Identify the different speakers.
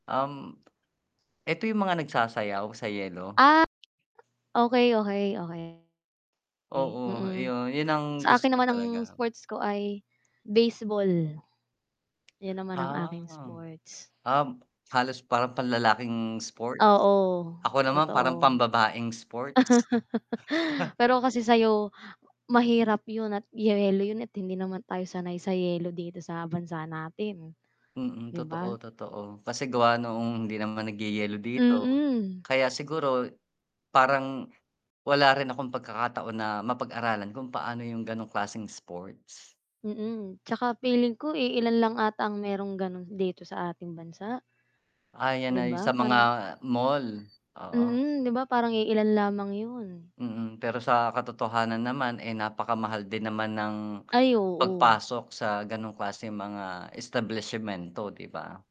Speaker 1: Um, eto yung mga nagsasayaw sa yelo?
Speaker 2: Ah, okey, okey, okey. Okey,
Speaker 1: Oo,
Speaker 2: mm,
Speaker 1: yun, yun ang
Speaker 2: sa
Speaker 1: gusto
Speaker 2: akin
Speaker 1: ko
Speaker 2: naman ang
Speaker 1: talaga.
Speaker 2: sports ko ay baseball, yun naman ang aking
Speaker 1: Ah.
Speaker 2: sports.
Speaker 1: Um, halos parang panlalaking sports,
Speaker 2: Oo,
Speaker 1: ako naman parang
Speaker 2: totoo.
Speaker 1: pambabaeng sports.
Speaker 2: pero kasi sayo mahirap yun at yelo yun at hindi naman tayo sanay sa yelo dito sa bansa natin,
Speaker 1: Mm,
Speaker 2: 'di
Speaker 1: totoo,
Speaker 2: ba?
Speaker 1: totoo. Kasi gawa noong hindi naman nagyeyelo dito,
Speaker 2: Mm.
Speaker 1: kaya siguro parang wala rin akong pagkakataon na mapag-aralan kung paano yung ganong klaseng sports.
Speaker 2: Mm, 'tsaka feeling ko, iilan lang ata ang merong ganun dito sa ating bansa.
Speaker 1: Ah, yan
Speaker 2: 'Di
Speaker 1: na 'yung
Speaker 2: ba,
Speaker 1: sa mga
Speaker 2: parang
Speaker 1: mall, oo.
Speaker 2: mm, 'di ba, parang iilan lamang yun.
Speaker 1: Mm, pero sa katotohanan naman, eh, napakamahal din naman ng
Speaker 2: Ay, oo.
Speaker 1: pagpasok sa ganong klaseng mga establisyemento, 'di ba?